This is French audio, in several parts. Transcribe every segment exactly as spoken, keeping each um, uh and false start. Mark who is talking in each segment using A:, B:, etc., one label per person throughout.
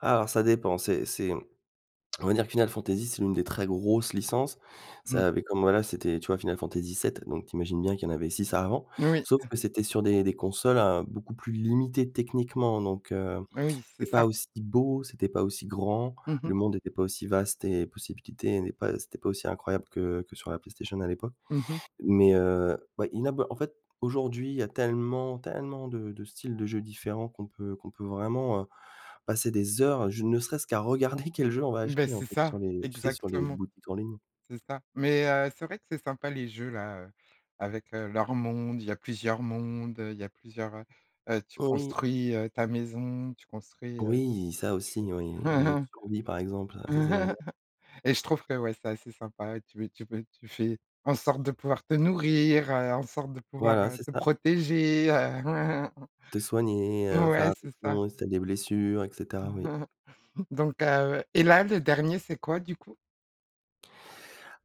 A: Alors ça dépend. C'est c'est, on va dire que Final Fantasy c'est une des très grosses licences.
B: Mmh.
A: Ça avait comme voilà, c'était tu vois, Final Fantasy VII, donc tu imagines bien qu'il y en avait six avant,
B: Oui,
A: sauf
B: heu
A: que c'était sur des des consoles à beaucoup plus limitées techniquement, donc, heu,
B: Oui, c'est
A: c'était
B: ça.
A: pas aussi beau, c'était pas aussi grand,
B: Mmh mh.
A: le monde était pas aussi vaste et possibilité n'est pas c'était pas aussi incroyable que que sur la PlayStation à l'époque.
B: Mmh mh.
A: Mais, heu, ouais, inabo en fait, aujourd'hui, il y a tellement, tellement de de styles de jeux différents qu'on peut qu'on peut vraiment, heu, passer des heures, à je ne serait-ce qu'à regarder quel jeu on va
B: Beh,
A: acheter en
B: c'est
A: fait
B: ça,
A: sur les tu sais sur les
B: exactement.
A: boutiques en ligne.
B: C'est ça. Mais, heu, c'est vrai que c'est sympa les jeux là, heu ,avec, heu, leurs mondes, il y a plusieurs mondes, heu, il y plusieurs, heu heu, tu
A: Oui.
B: construis, heu, ta maison, tu construis, heu,
A: Oui, ça aussi, oui,
B: tu
A: les jeux de survie par exemple,
B: fais
A: heu, ça c'est génial.
B: Et je trouve que, ouais, c'est assez sympa, tu veux tu peux tu fais en sorte de pouvoir te nourrir, heu, en sorte de pouvoir,
A: Voilà,
B: heu,
A: c'est
B: te
A: ça.
B: protéger heu
A: Te soigner, heu, faire
B: Ouais, c'est ça.
A: attention si tu as des blessures et cetera, oui.
B: Donc, heu, et là, le dernier c'est quoi du coup?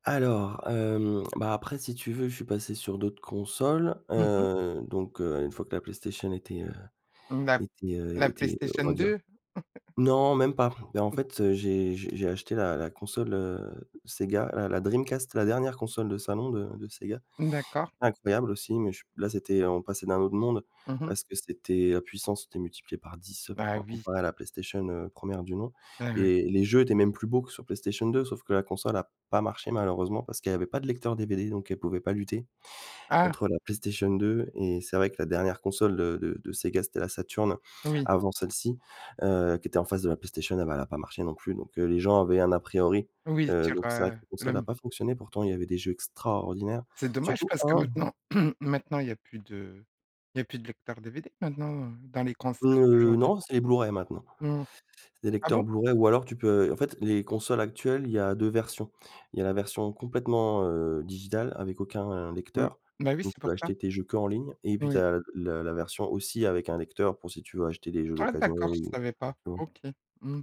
A: Alors, hem, bah après si tu veux, je suis passé sur d'autres consoles,
B: Mmh mh.
A: heu, donc heu, une fois que la PlayStation était, heu,
B: Mmh, d'a
A: était heu,
B: la
A: était, on
B: PlayStation
A: va
B: 2?
A: dire non même pas. Mais en
B: Mmh.
A: fait, heu, j'ai j'ai j'ai acheté la la console, heu, Sega, la la Dreamcast, la dernière console de salon de de Sega.
B: D'accord.
A: Incroyable aussi, mais je là c'était on passait d'un autre monde,
B: Mmh mh.
A: parce que c'était, heu, à puissance était multipliée par dix,
B: Bah
A: com
B: oui.
A: comparer à la PlayStation, heu, première du nom,
B: Ah ouais.
A: et les jeux étaient même plus beaux que sur PlayStation 2, sauf que la console a pas marché malheureusement, parce qu'elle avait pas de lecteur DVD, donc elle pouvait pas lutter,
B: Ah!
A: contre la PlayStation 2. Et c'est vrai que la dernière console de de de Sega, c'était la Saturne,
B: Oui.
A: avant celle-ci, heu, qui était en face de la PlayStation, et bah, elle a pas marché non plus. Donc, heu, les gens avaient un a priori,
B: Oui,
A: heu,
B: dire,
A: donc c'est vrai que
B: heu,
A: la
B: le
A: console n'a
B: m
A: pas fonctionné, pourtant, il y avait des jeux extraordinaires,
B: C'est dommage
A: surtout
B: parce que
A: un.
B: maintenant maintenant il y a plus de il y a plus de lecteur DVD maintenant, heu, dans les consoles
A: Heu,
B: d'aujourd'hui?
A: non, c'est les Blu-ray maintenant.
B: Mmh mh.
A: C'est des
B: Ah
A: lecteurs
B: bon?
A: Blu-ray ou alors tu peux en fait les consoles actuelles, il y a deux versions. Il y a la version complètement, heu, digitale avec aucun
B: Mmh.
A: lecteur,
B: Bah oui,
A: donc
B: c'est
A: on peut
B: pour ça.
A: acheter tes jeux qu'en ligne, et puis tu
B: Oui.
A: as l le la version aussi avec un lecteur pour si tu veux acheter des jeux
B: Ah
A: d'occasions
B: d'accord je
A: ou
B: savais pas,
A: tu vois?
B: OK, mmh.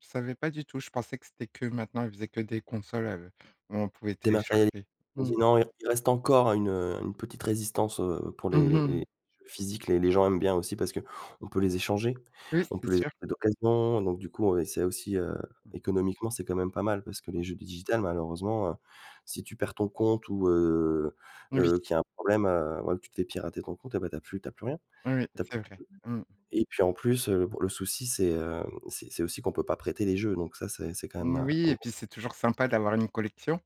B: Je savais pas du tout, je pensais que c'était que maintenant, il faisait que des consoles, heu, on pouvait
A: Dématériali
B: télécharger, mmh.
A: [unintelligible] non, i il reste encore une, heu, une petite résistance, heu, pour les
B: Mmh
A: les les
B: mh.
A: jeux physiques, les les gens aiment bien aussi parce qu'on peut les échanger,
B: Oui,
A: on peut
B: c'est
A: les
B: sûr.
A: acheter d'occasion, donc du coup, et c'est aussi, heu,
B: Mmh.
A: économiquement, c'est quand même pas mal, parce que
B: Mmh.
A: les jeux digital malheureusement, heu, si tu perds ton compte, ou, heu
B: Oui
A: heu, qu'il y
B: t
A: a un problème, heu, ou alors, tu te fais pirater ton compte et ben, tu as plus tu as plus rien,
B: Oui
A: tu as
B: c'est
A: plus
B: vrai, mmh.
A: [unintelligible] et puis en plus, heu, p le souci, c'est, hem, c'est c'est aussi qu'on peut pas prêter les jeux, donc ça, c'est c'est quand même,
B: Noui
A: un
B: et
A: gros
B: puis c'est toujours sympa d'avoir une collection.